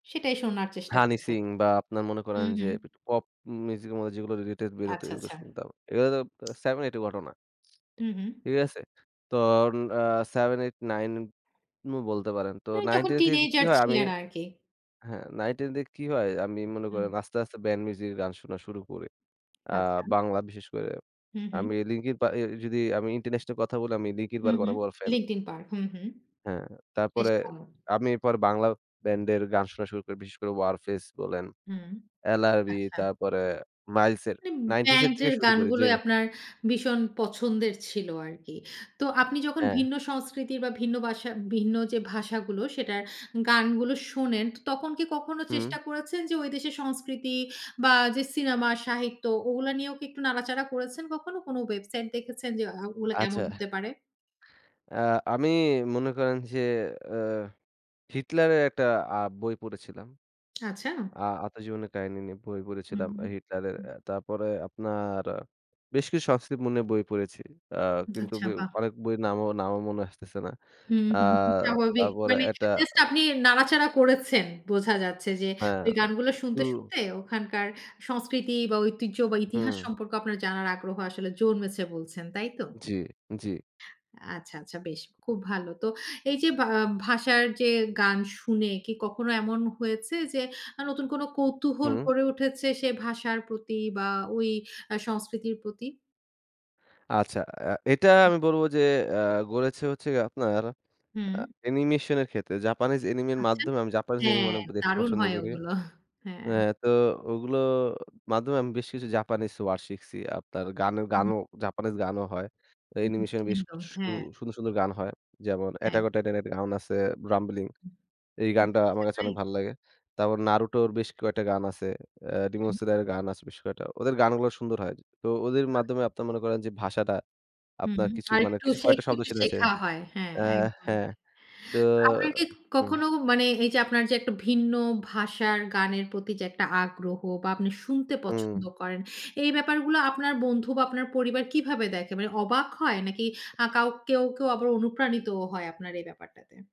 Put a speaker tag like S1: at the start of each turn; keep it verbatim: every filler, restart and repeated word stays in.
S1: সেটাই শোনার চেষ্টা
S2: হানি
S1: করবেন।
S2: সিং বা আপনার মনে করেন
S1: হুম,
S2: যে,
S1: হুম।
S2: পপ মিউজিক এর মধ্যে যেগুলো রিলেটেড বের হত
S1: আচ্ছা,
S2: এগুলো
S1: আচ্ছা।
S2: শুনতাম। এগুলো তো seven eight এর ঘটনা।
S1: হুম, হুম।
S2: ঠিক আছে? তো অ্যা seven eight, nine বলতে পারেন। তো
S1: মানে
S2: nine
S1: তখন
S2: ten থেকে কি
S1: টিনএজার
S2: হয়, আমি
S1: ছিলেন আর কি!
S2: হ্যাঁ, nine ten থেকে কি হয়! আমি মনে করেন
S1: হুম।
S2: আস্তে, আস্তে ব্যান্ড মিউজিকের গান শোনা শুরু করি। আ
S1: আচ্ছা।
S2: বাংলা বিশেষ করে।
S1: হু, হুম।
S2: আমি লিংকিং পার্ক যদি আমি ইন্টারন্যাশনাল কথা বলি আমি লিংকিং
S1: হুম,
S2: পার্কের
S1: হুম।
S2: অনেক বড় ফ্যান।
S1: Linkin Park. হু, হুম।
S2: হ্যাঁ,
S1: বেশ
S2: তারপরে
S1: ভালো।
S2: আমি এরপরে বাংলা ব্যান্ডের গান শোনা শুরু করি। বিশেষ করে ওয়ারফেজ বলেন,
S1: হুম,
S2: এলআরবি
S1: আচ্ছা।
S2: তারপরে মাইলস এর
S1: মানে
S2: নাইনটিজের থেকে
S1: ব্যান্ডের
S2: শুরু করি
S1: গানগুলোই
S2: জেমস।
S1: আপনার ভীষণ পছন্দের ছিল আরকি। তো আপনি যখন
S2: হ্যাঁ।
S1: ভিন্ন সংস্কৃতির বা ভিন্ন ভাষা ভিন্ন যে, ভাষাগুলো সেটার গানগুলো শোনেন, তখন কি কখনো
S2: হুম।
S1: চেষ্টা করেছেন যে, ঐ দেশের সংস্কৃতি বা যে, সিনেমা সাহিত্য ওগুলো নিয়েও কি একটু নাড়াচাড়া করেছেন কখনো কোনো ওয়েবসাইটে দেখেছেন যে, ওগুলো কেমন
S2: আচ্ছা।
S1: হতে পারে?
S2: অ্যা আমি মনে করেন যে, আ হিটলারের একটা আ বই পড়েছিলাম।
S1: আচ্ছা।
S2: আ আত্মজীবনীর কাহিনী নিয়ে বই
S1: হুম,
S2: পড়েছিলাম
S1: হুম,
S2: হিটলারের।
S1: হুম।
S2: তারপরে আপনার বেশ কিছু সংস্কৃতির বই পড়েছি। আ কিন্তু
S1: আচ্ছা। বাহ!
S2: অনেক বইয়ের নাম, নামও মনে আসতেছে না।
S1: হুম,
S2: অ্যা
S1: হুম। স্বাভাবিক
S2: তারপরে
S1: মানে
S2: একটা
S1: জাস্ট আপনি নাড়াচাড়া করেছেন, বোঝা যাচ্ছে যে,
S2: হ্যাঁ,
S1: ওই গানগুলো শুনতে,
S2: হুম।
S1: শুনতে ওখানকার সংস্কৃতি বা ঐতিহ্য বা ইতিহাস
S2: হুম।
S1: সম্পর্কে আপনার জানার আগ্রহ আসলে জন্মেছে বলছেন তাই তো?
S2: জি, জি।
S1: আ চ্ছা, আচ্ছা। বেশ, খুব ভালো। তো এই যে, ভাষার যে, গান শুনে কি কখনো এমন হয়েছে যে, নতুন কোনো কৌতূহল
S2: হুম।
S1: গড়ে উঠেছে সেই ভাষার প্রতি বা ওই সংস্কৃতির প্রতি?
S2: আচ্ছা। এটা আমি বলবো যে, অ্যা গড়েছে হচ্ছে আপনার
S1: হুম।
S2: অ্যানিমেশনের ক্ষেত্রে। জাপানিজ অ্যানিমির
S1: আচ্ছা।
S2: মাধ্যমে। আমি জাপানিজ এনিমে
S1: হ্যাঁ,
S2: অনেক দেখতে
S1: দারুণ
S2: পছন্দ
S1: হয়
S2: করি।
S1: ওগুলো। হ্যাঁ।
S2: হ্যাঁ, তো ওগুলোর মাধ্যমে আমি বেশ কিছু জাপানিজ ওয়ার্ড শিখছি। আপনার গানের
S1: হুম।
S2: গানও জাপানিজ গানও হয়।
S1: হু,
S2: অ্যানিমেশনে বেশ
S1: একদম।
S2: কিছু
S1: হ্যাঁ।
S2: সুন্দর, সুন্দর গান হয়। যেমন অ্যাটাক
S1: একদম।
S2: অন টাইটানের গান আছে রাম্বলিং।
S1: হু,
S2: এই
S1: হু,
S2: গানটা আমার
S1: আচ্ছা,
S2: কাছে
S1: তাই?
S2: অনেক ভালো লাগে। তারপর নারুটোর বেশ কয়েকটা গান আছে। রিমন
S1: হুম।
S2: সদর গান আছে বেশ কয়েকটা। ওদের গানগুলো সুন্দর হয়। তো ওদের
S1: [unintelligible]
S2: মাধ্যমে আপনারা মনে করেন যে, ভাষাটা
S1: হুম।
S2: আপনার কিছু
S1: আর
S2: মানে
S1: একটু,
S2: কিছু কয়েকটা
S1: একটু,
S2: শব্দ
S1: একটু
S2: শুনেছে।
S1: শেখা হয়। হ্যাঁ, একদম
S2: হ্যাঁ,
S1: তাই।
S2: তো।
S1: আপনি
S2: হুম।
S1: কখনো মানে এই যে, আপনার যে, একটা ভিন্ন ভাষার গানের প্রতি যে, একটা আগ্রহ বা আপনি শুনতে পছন্দ
S2: হুম।
S1: করেন, এই ব্যাপারগুলো আপনার বন্ধু বা আপনার পরিবার কিভাবে দেখে? মানে অবাক হয়! নাকি আ কেউ, কেউ আবার অনুপ্রাণিত হয় আপনার এই ব্যাপারটাতে?